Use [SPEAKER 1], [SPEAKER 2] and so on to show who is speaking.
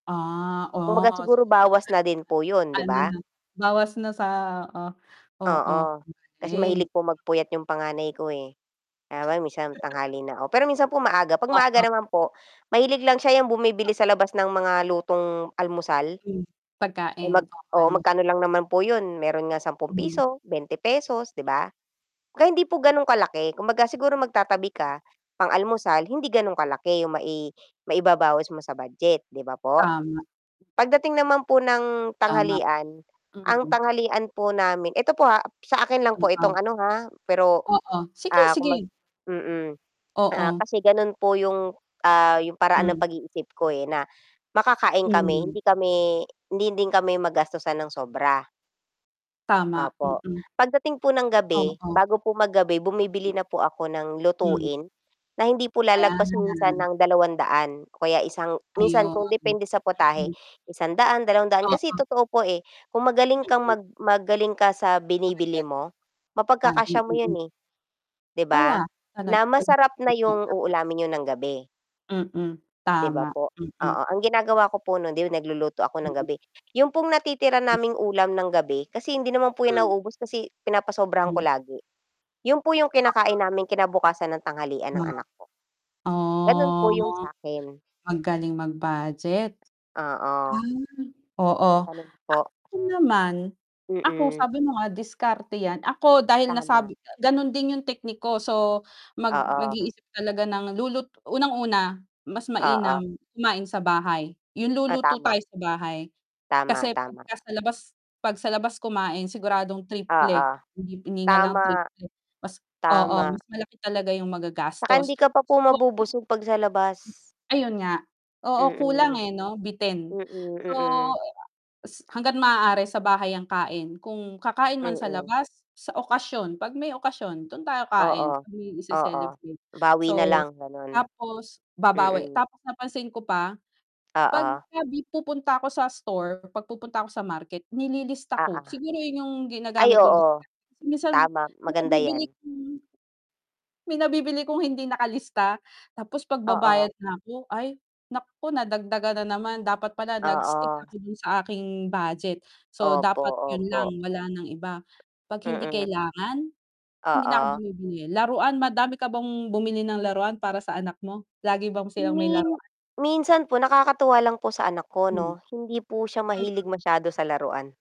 [SPEAKER 1] Ah,
[SPEAKER 2] Kumbaga
[SPEAKER 1] oh
[SPEAKER 2] siguro bawas na din po yun 'di
[SPEAKER 1] Ano
[SPEAKER 2] ba?
[SPEAKER 1] 'no, bawas na sa oo. Oo,
[SPEAKER 2] Oo, kasi
[SPEAKER 1] galing.
[SPEAKER 2] mahilig po magpuyat yung panganay ko eh, [unintelligible] minsan tanghali na ako, pero minsan po maaga, 'pag maaga
[SPEAKER 1] Oo.
[SPEAKER 2] naman po mahilig lang siya yang bumibili sa
[SPEAKER 1] Oo.
[SPEAKER 2] labas ng mga lutong almusal.
[SPEAKER 1] Hmm,
[SPEAKER 2] Eh
[SPEAKER 1] pagkain
[SPEAKER 2] mag
[SPEAKER 1] o
[SPEAKER 2] oo,
[SPEAKER 1] mahal m
[SPEAKER 2] magkano lang naman po yun, meron nga sampung
[SPEAKER 1] Mhm.
[SPEAKER 2] piso, ₱20, 'di ba? Kaya hindi po gan'ong kalaki, kumbaga siguro magtatabi ka, pang-almusal hindi ganon kalaki yung mai maibabawis mo sa budget 'di ba po?
[SPEAKER 1] Tama.
[SPEAKER 2] Pagdating naman po ng
[SPEAKER 1] Tama,
[SPEAKER 2] tanghalian, ang
[SPEAKER 1] mhm.
[SPEAKER 2] tanghalian po namin eto po ha, sa akin lang po itong
[SPEAKER 1] Oo.
[SPEAKER 2] ano ha, pero,
[SPEAKER 1] Oo, sige,
[SPEAKER 2] ah, kung mag
[SPEAKER 1] sige.
[SPEAKER 2] mm, ah,
[SPEAKER 1] Oo.
[SPEAKER 2] kasi ganun po yung, ah, yung paraan ng
[SPEAKER 1] Hmm.
[SPEAKER 2] pag-iisip ko, eh, na makakain kami,
[SPEAKER 1] Mhm.
[SPEAKER 2] hindi kami hindi din kami magastusan ng sobra.
[SPEAKER 1] Tama,
[SPEAKER 2] Opo,
[SPEAKER 1] mm.
[SPEAKER 2] pagdating po ng gabi,
[SPEAKER 1] Oo.
[SPEAKER 2] bago po magabi bumibili
[SPEAKER 1] Mm.
[SPEAKER 2] na po ako ng
[SPEAKER 1] Mhm.
[SPEAKER 2] lutuin, na hindi po lalagpas minsan
[SPEAKER 1] Ayan.
[SPEAKER 2] ng 200 o kaya isang minsan
[SPEAKER 1] Ayun.
[SPEAKER 2] kung depende sa putahe
[SPEAKER 1] Mm.
[SPEAKER 2] 100, 200 kasi
[SPEAKER 1] Oo.
[SPEAKER 2] totoo po eh, kung magaling kang
[SPEAKER 1] Mm.
[SPEAKER 2] mag magaling ka sa binibili
[SPEAKER 1] Budget.
[SPEAKER 2] mo,
[SPEAKER 1] A
[SPEAKER 2] mapagkakasya
[SPEAKER 1] [unintelligible]
[SPEAKER 2] mo 'yan
[SPEAKER 1] mm.
[SPEAKER 2] eh. 'Di
[SPEAKER 1] Tala
[SPEAKER 2] ba?
[SPEAKER 1] ano't
[SPEAKER 2] Na masarap na yung
[SPEAKER 1] [unintelligible]
[SPEAKER 2] uulamin niyo ng gabi.
[SPEAKER 1] Mm.
[SPEAKER 2] 'Di ba
[SPEAKER 1] Tama,
[SPEAKER 2] po?
[SPEAKER 1] mm.
[SPEAKER 2] Oo, ang ginagawa ko po nun 'di ba nagluluto ako ng
[SPEAKER 1] Mm.
[SPEAKER 2] gabi, yun pong natitira
[SPEAKER 1] Mm.
[SPEAKER 2] naming ulam ng gabi, kasi hindi naman po yan
[SPEAKER 1] Hmm.
[SPEAKER 2] nauubos kasi pinapasobrahan ko
[SPEAKER 1] Hmm.
[SPEAKER 2] lagi, yun po yung kinakain
[SPEAKER 1] Oo.
[SPEAKER 2] namin kinabukasan ng tanghalian ng
[SPEAKER 1] Oo.
[SPEAKER 2] anak ko. Ganun po yung
[SPEAKER 1] Oh
[SPEAKER 2] sakin.
[SPEAKER 1] magaling mag-budget.
[SPEAKER 2] Oo.
[SPEAKER 1] Ah. Oo
[SPEAKER 2] Ganun po.
[SPEAKER 1] ako naman, ako
[SPEAKER 2] Mm.
[SPEAKER 1] sabi mo nga diskarte 'yan, ako dahil
[SPEAKER 2] Tama.
[SPEAKER 1] nasabi ganon din yung technique ko so mag
[SPEAKER 2] Oo.
[SPEAKER 1] mag-iisip talaga ng lulut unang-una mas mainam
[SPEAKER 2] Oo.
[SPEAKER 1] kumain sa bahay, yung
[SPEAKER 2] Ah,
[SPEAKER 1] luluto
[SPEAKER 2] tama.
[SPEAKER 1] tayo sa bahay
[SPEAKER 2] Tama,
[SPEAKER 1] kasi
[SPEAKER 2] tama.
[SPEAKER 1] pagka sa labas 'pag sa labas kumain siguradong triple,
[SPEAKER 2] Oo,
[SPEAKER 1] hindi hindi nga lang
[SPEAKER 2] tama.
[SPEAKER 1] triple mas oo,
[SPEAKER 2] Tama.
[SPEAKER 1] mas malaki talaga yung
[SPEAKER 2] 'Tsaka hindi
[SPEAKER 1] magagastos
[SPEAKER 2] ka pa po
[SPEAKER 1] so
[SPEAKER 2] mabubusog 'pag sa labas.
[SPEAKER 1] Ayun nga, oo, kulang
[SPEAKER 2] Mm.
[SPEAKER 1] eh 'no, bitin.
[SPEAKER 2] Mm,
[SPEAKER 1] So
[SPEAKER 2] mm.
[SPEAKER 1] s hangga't maaari sa bahay ang kain, kung kakain man sa
[SPEAKER 2] Mm.
[SPEAKER 1] labas, sa okasyon 'pag may okasyon dun tayo
[SPEAKER 2] Oo,
[SPEAKER 1] kain, 'pag may
[SPEAKER 2] oo.
[SPEAKER 1] ise-celebrate.
[SPEAKER 2] Bawi na
[SPEAKER 1] So,
[SPEAKER 2] lang ganon.
[SPEAKER 1] tapos babawi,
[SPEAKER 2] Mm.
[SPEAKER 1] tapos napansin ko pa
[SPEAKER 2] Oo.
[SPEAKER 1] pagka pupunta ako sa store, 'pag pupunta ako sa market nililista
[SPEAKER 2] Oo.
[SPEAKER 1] ko, siguro yun yung
[SPEAKER 2] Ay
[SPEAKER 1] ginagamit kong [unintelligible]
[SPEAKER 2] oo,
[SPEAKER 1] kasi minsan
[SPEAKER 2] tama
[SPEAKER 1] may
[SPEAKER 2] maganda
[SPEAKER 1] nabibili,
[SPEAKER 2] 'yan.
[SPEAKER 1] [unintelligible] may nabibili kong hindi nakalista, tapos
[SPEAKER 2] Oo.
[SPEAKER 1] pagbabayad na ako, ay naku, nadagdagan na naman dapat pala nag-stick
[SPEAKER 2] Oo.
[SPEAKER 1] ako dun sa aking budget. So,
[SPEAKER 2] Opo,
[SPEAKER 1] dapat yun lang
[SPEAKER 2] opo.
[SPEAKER 1] wala ng iba, 'pag hindi
[SPEAKER 2] Mm.
[SPEAKER 1] kailangan hindi na ako
[SPEAKER 2] Oo.
[SPEAKER 1] bumibili, laruan madami ka bang bumili ng laruan para sa anak mo? Lagi bang silang may
[SPEAKER 2] Min
[SPEAKER 1] laruan?
[SPEAKER 2] minsan po nakakatuwa lang po sa anak ko
[SPEAKER 1] Hmm.
[SPEAKER 2] 'no, hindi po siya mahilig
[SPEAKER 1] Hmm.
[SPEAKER 2] masyado sa laruan.